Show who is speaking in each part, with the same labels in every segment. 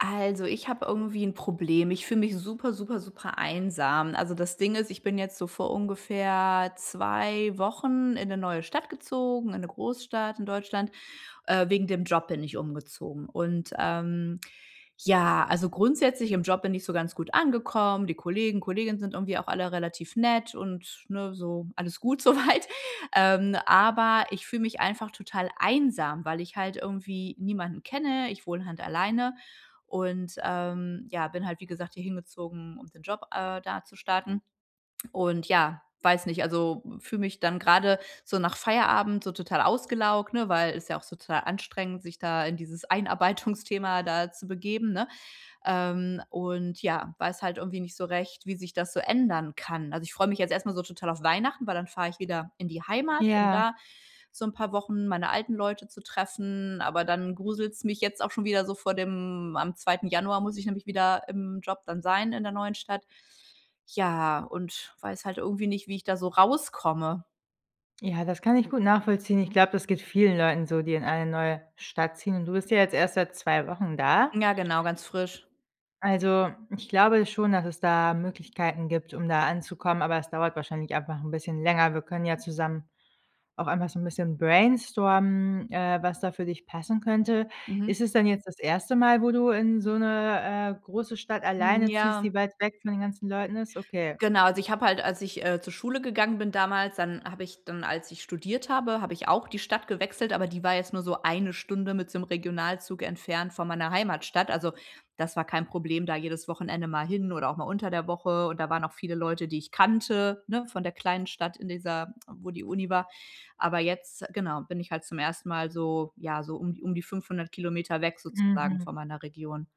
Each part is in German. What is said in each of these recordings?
Speaker 1: Also ich habe irgendwie 'n Problem. Ich fühle mich super super super einsam. Also, das Ding ist, ich bin jetzt so vor ungefähr 2 Wochen in 'ne neue Stadt gezogen, in 'ne Großstadt in Deutschland. Äh, wegen dem Job bin ich umgezogen und, ähm, ja, also grundsätzlich im Job bin ich so ganz gut angekommen, die Kollegen, Kolleginnen sind irgendwie auch alle relativ nett und ne, so alles gut so weit. Ähm, aber ich fühle mich einfach total einsam, weil ich halt irgendwie niemanden kenne. Ich wohne halt alleine und, ähm, ja, bin halt wie gesagt hier hingezogen, um den Job, äh, da zu starten. Und ja, weiß nicht, also fühle mich dann grade so nach Feierabend so total ausgelaugt, ne, weil ist ja auch so total anstrengend, sich da in dieses Einarbeitungsthema da zu begeben, ne? Ähm, und ja, weiß halt irgendwie nicht so recht, wie sich das so ändern kann. Also, ich freue mich jetzt erst mal so total auf Weihnachten, weil dann fahre ich wieder in die Heimat, um
Speaker 2: Ja.
Speaker 1: da so 'n paar Wochen meine alten Leute zu treffen. Aber dann gruselt's mich jetzt auch schon wieder so vor dem am 2. Januar muss ich nämlich wieder im Job dann sein in der neuen Stadt. Ja und weiß halt irgendwie nicht, wie ich da so rauskomme.
Speaker 2: Ja, das kann ich gut nachvollziehen. Ich glaube, das geht vielen Leuten so, die in eine neue Stadt ziehen. Und du bist ja jetzt erst seit 2 Wochen da.
Speaker 1: Ja, genau, ganz frisch.
Speaker 2: Also, ich glaube schon, dass es da Möglichkeiten gibt, um da anzukommen, aber es dauert wahrscheinlich einfach 'n bisschen länger. Wir können ja zusammen auch einfach so 'n bisschen brainstormen, äh, was da für dich passen könnte.
Speaker 1: Mhm.
Speaker 2: Ist es dann jetzt das 1. Mal, wo du in so 'ne, äh, große Stadt
Speaker 1: Mhm,
Speaker 2: alleine ziehst,
Speaker 1: ja.
Speaker 2: die weit weg von den ganzen Leuten ist? Okay.
Speaker 1: Genau, also, ich habe halt, als ich, äh, zur Schule gegangen bin damals dann habe ich dann als ich studiert habe, habe ich auch die Stadt gewechselt, aber die war jetzt nur so 1 Stunde mit so 'nem Regionalzug entfernt von meiner Heimatstadt. Also, das war kein Problem da jedes Wochenende mal hin oder auch mal unter der Woche und da waren auch viele Leute, die ich kannte, ne, von der kleinen Stadt in dieser wo die Uni war, aber jetzt genau bin ich halt zum 1. Mal so ja so um d um die 500km weg sozusagen
Speaker 2: Mhm.
Speaker 1: von meiner Region.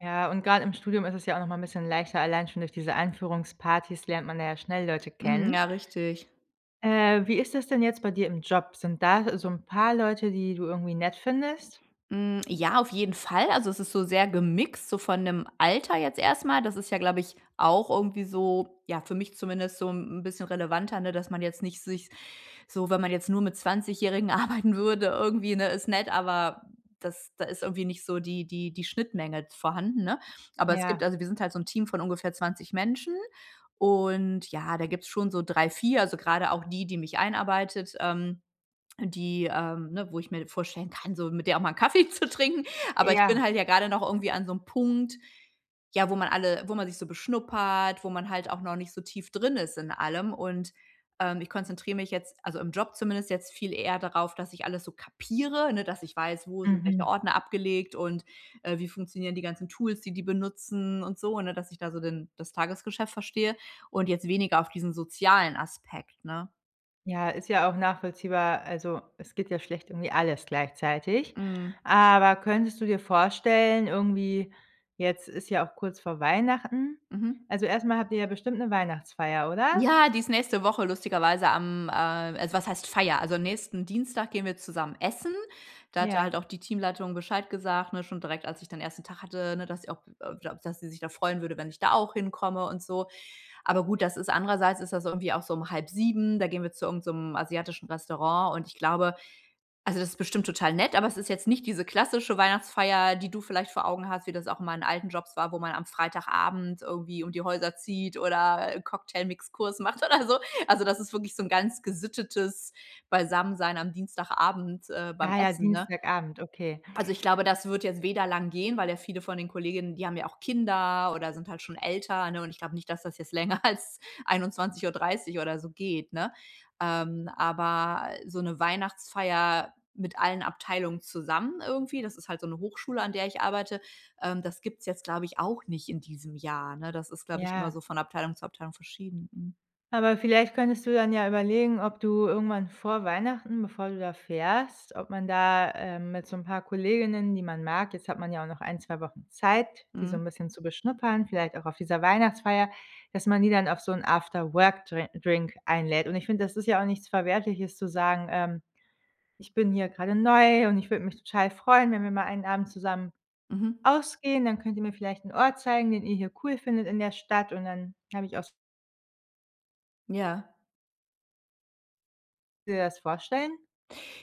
Speaker 2: Ja und grad im Studium ist es ja auch noch mal 'n bisschen leichter, allein schon durch diese Einführungsparties lernt man da ja schnell Leute
Speaker 1: Mhm.
Speaker 2: kennen.
Speaker 1: Ja richtig.
Speaker 2: Äh. Wie ist es denn jetzt bei dir im Job? Sind da so 'n paar Leute, die du irgendwie nett findest?
Speaker 1: Hm. Ja, auf jeden Fall, also, es ist so sehr gemixt, so von dem Alter jetzt erst mal. Das ist ja, glaube ich, auch irgendwie so ja, für mich zumindest so 'n bisschen relevanter, ne, dass man jetzt nicht sich so wenn man jetzt nur mit Zwanzigjährigen arbeiten würde irgendwie, ne, ist nett, aber das da ist irgendwie nicht so die die die Schnittmenge vorhanden, ne? Aber es gibt
Speaker 2: Ja.
Speaker 1: also, wir sind halt so 'n Team von ungefähr 20 Menschen und ja, da gibt's schon so 3, 4, also, gerade auch die, die mich einarbeitet, ähm, die ähm ne, wo ich mir vorstellen kann, so mit der auch mal 'n Kaffee zu trinken. Aber ich
Speaker 2: Ja.
Speaker 1: bin halt ja gerade noch irgendwie an so 'nem Punkt, ja, wo man alle wo man sich so beschnuppert, wo man halt auch noch nicht so tief drin ist in allem. Und, ähm, ich konzentriere mich jetzt, also im Job zumindest jetzt viel eher darauf, dass ich alles so kapiere, ne, dass ich weiß, wo sind welche
Speaker 2: Mhm.
Speaker 1: Ordner abgelegt und, äh, wie funktionieren die ganzen Tools, die die benutzen und so, ne, dass ich da so den das Tagesgeschäft verstehe und jetzt weniger auf diesen sozialen Aspekt, ne?
Speaker 2: Ja, ist ja auch nachvollziehbar, also, es geht ja schlecht irgendwie alles gleichzeitig.
Speaker 1: Mhm.
Speaker 2: Aber könntest du dir vorstellen, irgendwie jetzt ist ja auch kurz vor Weihnachten
Speaker 1: Mhm.
Speaker 2: also, erst mal habt ihr ja bestimmt 'ne Weihnachtsfeier, oder?
Speaker 1: Ja, die ist nächste Woche lustigerweise am, äh also, was heißt Feier? Also, nächsten Dienstag gehen wir zusammen essen. Da hatte halt
Speaker 2: Ja.
Speaker 1: auch die Teamleitung Bescheid gesagt, ne, schon direkt, als ich dann den 1. Tag hatte, ne, dass sie auch äh, ja, dass sie sich da freuen würde, wenn ich da auch hinkomme und so. Aber gut, das ist andererseits ist das irgendwie auch so um 18:30, da gehen wir zu irgend so 'nem asiatischen Restaurant, und ich glaube also, das ist bestimmt total nett, aber es ist jetzt nicht diese klassische Weihnachtsfeier, die du vielleicht vor Augen hast, wie das auch in meinen alten Jobs war, wo man Freitagabend irgendwie um die Häuser zieht oder Cocktailmix-Kurs macht oder so. Also, das ist wirklich so 'n ganz gesittetes Beisammensein am Dienstagabend, äh, beim
Speaker 2: Ah, ja,
Speaker 1: Essen, ne?
Speaker 2: Dienstagabend, okay.
Speaker 1: Also, ich glaube, das wird jetzt weder lang gehen, weil ja viele von den Kolleginnen, die haben ja auch Kinder oder sind halt schon älter, ne? Und ich glaube nicht, dass das jetzt länger als 21:30 oder so geht, ne? Ähm, aber so 'ne Weihnachtsfeier mit allen Abteilungen zusammen irgendwie- das ist halt so 'ne Hochschule, an der ich arbeite- ähm, das gibt's jetzt, glaube ich, auch nicht in diesem Jahr, ne? Das ist, glaube ich, immer
Speaker 2: Ja.
Speaker 1: so von Abteilung zu Abteilung verschieden. Mhm.
Speaker 2: Aber vielleicht könntest du dann ja überlegen, ob du irgendwann vor Weihnachten, bevor du da fährst ob man da, äh, mit so 'n paar Kolleginnen, die man mag jetzt hat man ja auch noch 1, 2 Wochen Zeit, die so
Speaker 1: Mhm.
Speaker 2: 'n bisschen zu beschnuppern, vielleicht auch auf dieser Weihnachtsfeier dass man die dann auf so 'n After-Work-Dre Drink einlädt. Und ich finde, das ist ja auch nichts Verwerfliches zu sagen, ähm: „Ich bin hier gerade neu und ich würde mich total freuen, wenn wir mal einen Abend zusammen
Speaker 1: Mhm.
Speaker 2: ausgehen, dann könnt ihr mir vielleicht 'n Ort zeigen, den ihr hier cool findet in der Stadt, und dann habe ich auch so“
Speaker 1: Ja.
Speaker 2: Dir das vorstellen?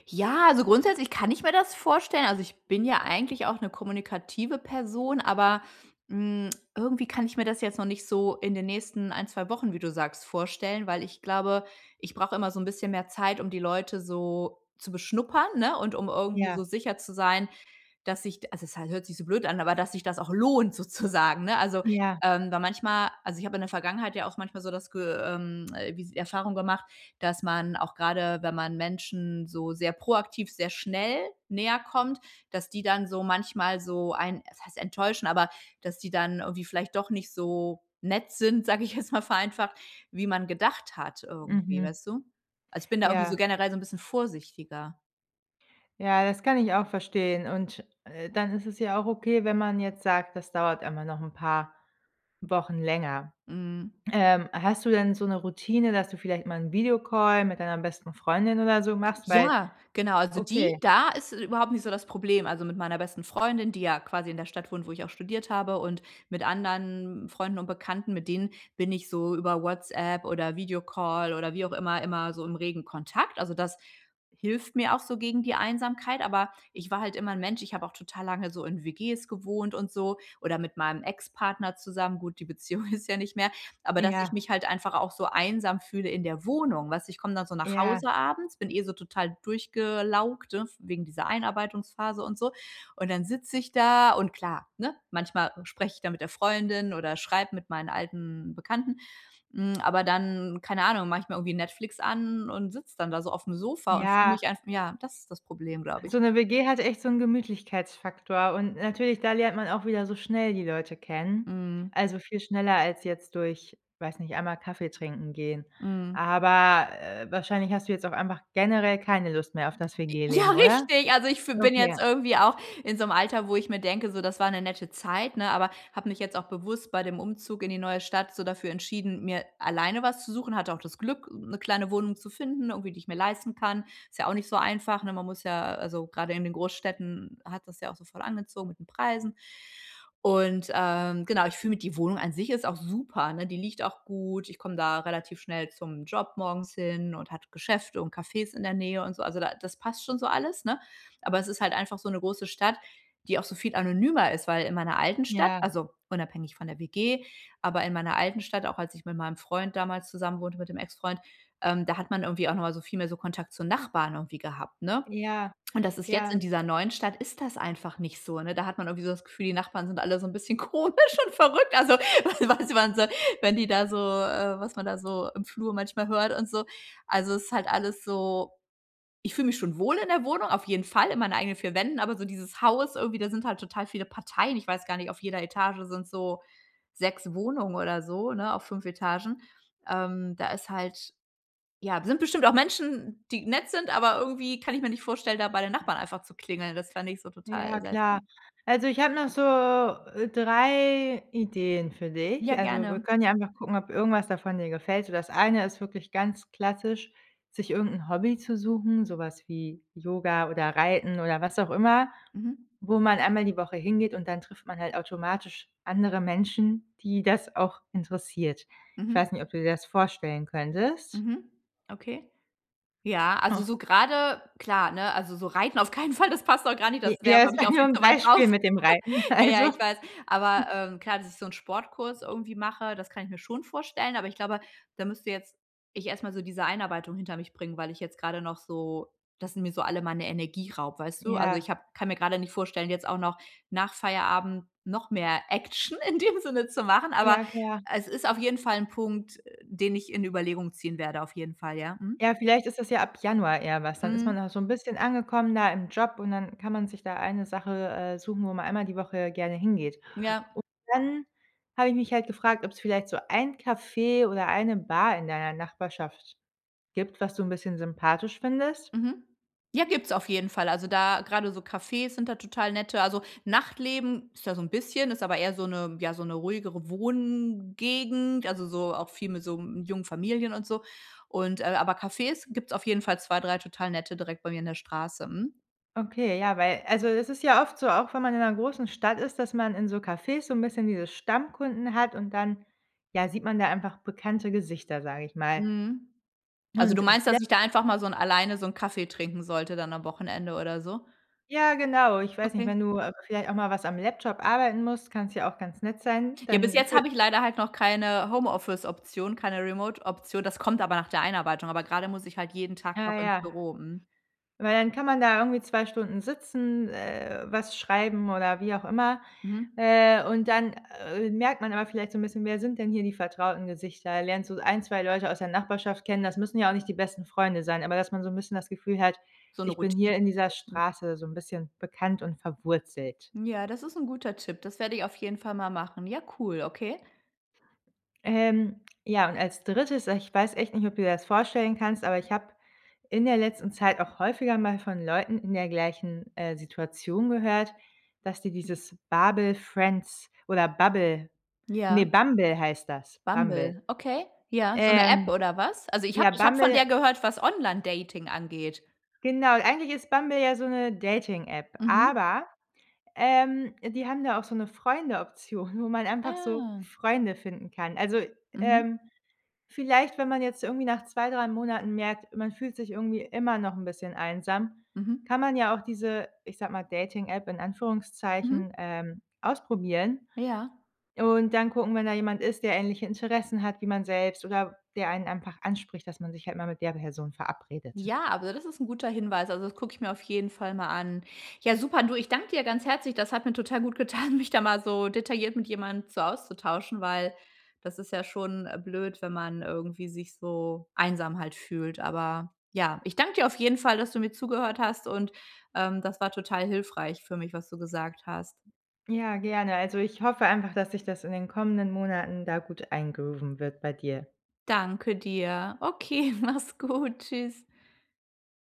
Speaker 1: Ja, also grundsätzlich kann ich mir das vorstellen, also, ich bin ja eigentlich auch 'ne kommunikative Person, aber, hm, irgendwie kann ich mir das jetzt noch nicht so in den nächsten 1, 2 Wochen, wie du sagst, vorstellen, weil ich glaube, ich brauche immer so 'n bisschen mehr Zeit, um die Leute so zu beschnuppern, ne? Und um irgendwie
Speaker 2: Ja.
Speaker 1: so sicher zu sein, dass sich also, es ha hört sich so blöd an, aber dass sich das auch lohnt sozusagen, ne? Also,
Speaker 2: Ja.
Speaker 1: ähm, weil manchmal also, ich habe in der Vergangenheit ja auch manchmal so das Ge ähm, wie s Erfahrung gemacht, dass man auch gerade, wenn man Menschen so sehr proaktiv, sehr schnell näher kommt dass die dann so manchmal so einen was heißt enttäuschen, aber, dass die dann irgendwie vielleicht doch nicht so nett sind, sage ich jetzt mal vereinfacht, wie man gedacht hat irgendwie,
Speaker 2: Mhm.
Speaker 1: weißt du? Also, ich bin da irgendwie so
Speaker 2: Ja.
Speaker 1: generell so 'n bisschen vorsichtiger.
Speaker 2: Ja, das kann ich auch verstehen. Und, äh, dann ist es ja auch okay, wenn man jetzt sagt, das dauert immer noch 'n paar Wochen länger.
Speaker 1: Mhm.
Speaker 2: Ähm, hast du denn so 'ne Routine, dass du vielleicht mal 'n Video-Call mit deiner besten Freundin oder so machst? Weil
Speaker 1: Ja, genau, also die
Speaker 2: okay.
Speaker 1: da ist überhaupt nicht so das Problem. Also, mit meiner besten Freundin, die ja quasi in der Stadt wohnt, wo ich auch studiert habe, und mit anderen Freunden und Bekannten, mit denen bin ich so über WhatsApp oder Video-Call oder wie auch immer, immer so im regen Kontakt. Also, das hilft mir auch so gegen die Einsamkeit. Aber ich war halt immer 'n Mensch ich habe auch total lange so in WGs gewohnt und so oder mit meinem Ex-Partner zusammen gut, die Beziehung ist ja nicht mehr. Aber, dass ich
Speaker 2: Ja.
Speaker 1: mich halt einfach auch so einsam fühle in der Wohnung, weißt du? Ich komm dann so nach
Speaker 2: Ja.
Speaker 1: Hause abends, bin eh so total durchgelaugt, ne, wegen dieser Einarbeitungsphase und so. Und dann sitze ich da und klar, ne, manchmal spreche ich da mit der Freundin oder schreibe mit meinen alten Bekannten. Hm, aber dann, keine Ahnung, mache ich mir irgendwie Netflix an und sitze dann da so auf'm Sofa und fühle
Speaker 2: Ja.
Speaker 1: mich einf ja, das ist das Problem, glaube ich.
Speaker 2: So 'ne WG hat echt so 'n Gemütlichkeitsfaktor und natürlich da lernt man auch wieder so schnell die Leute kennen.
Speaker 1: Mhm.
Speaker 2: Also, viel schneller als jetzt durch, weiß nicht, einmal Kaffeetrinken gehen.
Speaker 1: Mhm.
Speaker 2: Aber, äh, wahrscheinlich hast du jetzt auch einfach generell keine Lust mehr auf das
Speaker 1: Ja,
Speaker 2: WG-Leben, oder?
Speaker 1: richtig, also ich f bin
Speaker 2: Okay.
Speaker 1: jetzt irgendwie auch in so 'nem Alter, wo ich mir denke: „So, das war 'ne nette Zeit“, ne, aber habe mich jetzt auch bewusst bei dem Umzug in die neue Stadt so dafür entschieden, mir alleine was zu suchen. Hatte auch das Glück, 'ne kleine Wohnung zu finden, irgendwie, die ich mir leisten kann. Ist ja auch nicht so einfach, ne? Man muss ja also gerade in den Großstädten hat das ja auch so voll angezogen mit den Preisen. Und, ähm, genau ich finde, die Wohnung an sich ist auch super, ne? Die liegt auch gut. Ich komme da relativ schnell zum Job morgens hin und hat Geschäfte und Cafés in der Nähe und so. Also, da das passt schon so alles, ne? Aber es ist halt einfach so 'ne große Stadt, die auch so viel anonymer ist. Weil in meiner alten Stadt
Speaker 2: Ja.
Speaker 1: also, unabhängig von der WG, aber in meiner alten Stadt, auch als ich mit meinem Freund damals zusammenwohnte mit dem Ex-Freund, ähm, da hat man irgendwie auch noch mal so viel mehr so Kontakt zu Nachbarn irgendwie gehabt, ne?
Speaker 2: Ja,
Speaker 1: Und das ist jetzt
Speaker 2: ja.
Speaker 1: in dieser neuen Stadt, ist das einfach nicht so, ne? Da hat man irgendwie so das Gefühl, die Nachbarn sind alle so 'n bisschen komisch und verrückt. Also, was man so, wenn die da so äh, was man da so im Flur manchmal hört und so. Also, es ist halt alles so ich fühle mich schon wohl in der Wohnung, auf jeden Fall in meinen eigenen 4 Wänden. Aber so dieses Haus irgendwie, da sind halt total viele Parteien. Ich weiß gar nicht, auf jeder Etage sind so 6 Wohnungen oder so, ne, auf 5 Etagen. Ähm, da ist halt ja, sind bestimmt auch Menschen, die nett sind, aber irgendwie kann ich mir nicht vorstellen, da bei den Nachbarn einfach zu klingeln. Das fänd ich so total
Speaker 2: Ja
Speaker 1: seltsam.
Speaker 2: klar. Also, ich habe noch so, äh, 3 Ideen für dich.
Speaker 1: Ja,
Speaker 2: Also, wir
Speaker 1: gerne.
Speaker 2: können ja einfach gucken, ob irgendwas davon dir gefällt. So, das eine ist wirklich ganz klassisch, sich irgend 'n Hobby zu suchen, so was wie Yoga oder Reiten oder was auch immer,
Speaker 1: Mhm.
Speaker 2: wo man einmal die Woche hingeht, und dann trifft man halt automatisch andere Menschen, die das auch interessiert. Ich
Speaker 1: Mhm.
Speaker 2: weiß nicht, ob du dir das vorstellen könntest?
Speaker 1: Mhm. Okay. Ja, also
Speaker 2: Ah.
Speaker 1: so grade klar, ne, also so reiten auf keinen Fall, das passt auch gar nicht, das
Speaker 2: J
Speaker 1: wäre
Speaker 2: Ja das
Speaker 1: für mich
Speaker 2: war
Speaker 1: auch
Speaker 2: nur
Speaker 1: viel
Speaker 2: 'n
Speaker 1: zu weit draußen.
Speaker 2: Beispiel mit dem Reiten,
Speaker 1: Ja, ja,
Speaker 2: also
Speaker 1: ich weiß aber, ähm, klar, dass ich so 'n Sportkurs irgendwie mache, das kann ich mir schon vorstellen, aber ich glaube, da müsste jetzt ich erst mal so diese Einarbeitung hinter mich bringen, weil ich jetzt grade noch so das sie mir so alle meine Energie raubt, weißt du? Also,
Speaker 2: Ja.
Speaker 1: ich habe kann mir grade nicht vorstellen, jetzt auch noch nach Feierabend noch mehr Action in dem Sinne zu machen. Aber
Speaker 2: Ja, klar.
Speaker 1: es ist auf jeden Fall 'n Punkt, den ich in Überlegung ziehen werde auf jeden Fall, ja. Mhm.
Speaker 2: Ja, vielleicht ist das ja ab Januar eher was. Dann ist
Speaker 1: Hm.
Speaker 2: man auch so 'n bisschen angekommen da im Job und dann kann man sich da eine Sache, äh, suchen, wo man einmal die Woche gerne hingeht.
Speaker 1: Ja.
Speaker 2: Und dann habe ich mich halt gefragt, ob's vielleicht so ein Café oder eine Bar in deiner Nachbarschaft gibt, was du 'n bisschen sympathisch findest?
Speaker 1: Mhm. Ja, gibt's auf jeden Fall, also da grade so Cafés sind da total nette. Also Nachtleben ist da so 'n bisschen ist aber eher so 'ne ja, so 'ne ruhigere Wohngegend, also so auch viel mit so, hm, jungen Familien und so und äh, aber Cafés gibt's auf jeden Fall 2, 3 total nette direkt bei mir in der Straße. Mhm.
Speaker 2: Okay, ja, weil also, es ist ja oft so, auch wenn man in 'ner großen Stadt ist, dass man in so Cafés so 'n bisschen diese Stammkunden hat und dann, ja, sieht man da einfach bekannte Gesichter, sage ich mal.
Speaker 1: Mhm. Also, du
Speaker 2: Und
Speaker 1: meinst,
Speaker 2: vielleicht
Speaker 1: dass ich da einfach mal so 'n alleine so einen Kaffee trinken sollte dann am Wochenende oder so?
Speaker 2: Ja, genau, ich weiß nicht,
Speaker 1: Okay.
Speaker 2: wenn du, äh, vielleicht auch mal was am Laptop arbeiten musst, kann's ja auch ganz nett sein,
Speaker 1: Ja, bis
Speaker 2: dann
Speaker 1: jetzt
Speaker 2: fü
Speaker 1: habe ich leider halt noch keine Homeoffice-Option, keine remote-Option. Das kommt aber nach der Einarbeitung, aber gerade muss ich halt jeden Tag
Speaker 2: Ah,
Speaker 1: noch ins
Speaker 2: ja.
Speaker 1: Büro, mhm.
Speaker 2: Weil dann kann man da irgendwie 2 Stunden sitzen, äh, was schreiben oder wie auch immer,
Speaker 1: Mhm.
Speaker 2: äh, und dann, äh, merkt man aber vielleicht so 'n bisschen: Wer sind denn hier die vertrauten Gesichter? Lernst du 1, 2 Leute aus der Nachbarschaft kennen. Das müssen ja auch nicht die besten Freunde sein, aber dass man so 'n bisschen das Gefühl hat:
Speaker 1: So 'ne
Speaker 2: Ich bin
Speaker 1: Routine.
Speaker 2: hier in dieser
Speaker 1: Mhm.
Speaker 2: Straße so 'n bisschen bekannt und verwurzelt.
Speaker 1: Ja, das ist 'n guter Tipp, das werde ich auf jeden Fall mal machen. Ja cool, okay.
Speaker 2: Ähm, ja und als 3., ich weiß echt nicht, ob du dir das vorstellen kannst, aber ich habe in der letzten Zeit auch häufiger mal von Leuten in der gleichen, äh, Situation gehört, dass die dieses Babel Friends oder Bubble, ne
Speaker 1: Ja.
Speaker 2: Bumble heißt das. Bumble.
Speaker 1: Bumble, okay. Ja. So 'ne App
Speaker 2: Ähm.
Speaker 1: oder was? Also ich habe
Speaker 2: Ja
Speaker 1: ich habe von
Speaker 2: Bumble
Speaker 1: der gehört, was Online-Dating angeht.
Speaker 2: Genau eigentlich ist Bumble ja so 'ne Dating-App,
Speaker 1: Mhm.
Speaker 2: aber, ähm, die haben da auch so 'ne Freunde-Option, wo man einfach so
Speaker 1: Ah.
Speaker 2: Freunde finden kann. Also,
Speaker 1: Mhm.
Speaker 2: ähm, vielleicht, wenn man jetzt irgendwie nach 2, 3 Monaten merkt, man fühlt sich irgendwie immer noch 'n bisschen einsam,
Speaker 1: Mhm.
Speaker 2: kann man ja auch diese, ich sage mal, Dating-App in
Speaker 1: Mhm.
Speaker 2: Anführungszeichen, ähm, ausprobieren
Speaker 1: Ja.
Speaker 2: und dann gucken, wenn da jemand ist, der ähnliche Interessen hat wie man selbst oder der einen einfach anspricht, dass man sich halt immer mit der Person verabredet.
Speaker 1: Ja, also, das ist 'n guter Hinweis, also, das gucke ich mir auf jeden Fall mal an. Ja, super, du, ich danke dir ganz herzlich, das hat mir total gut getan, mich da mal so detailliert mit jemandem so auszutauschen, weil das ist ja schon, äh, blöd, wenn man irgendwie sich so einsam halt fühlt. Aber ja. Ich danke dir auf jeden Fall, dass du mir zugehört hast und, ähm, das war total hilfreich für mich, was du gesagt hast.
Speaker 2: Ja, gerne. Also, ich hoffe einfach, dass sich das in den kommenden Monaten da gut eingrooven wird bei dir.
Speaker 1: Danke dir. Okay, mach's gut. Tschüss.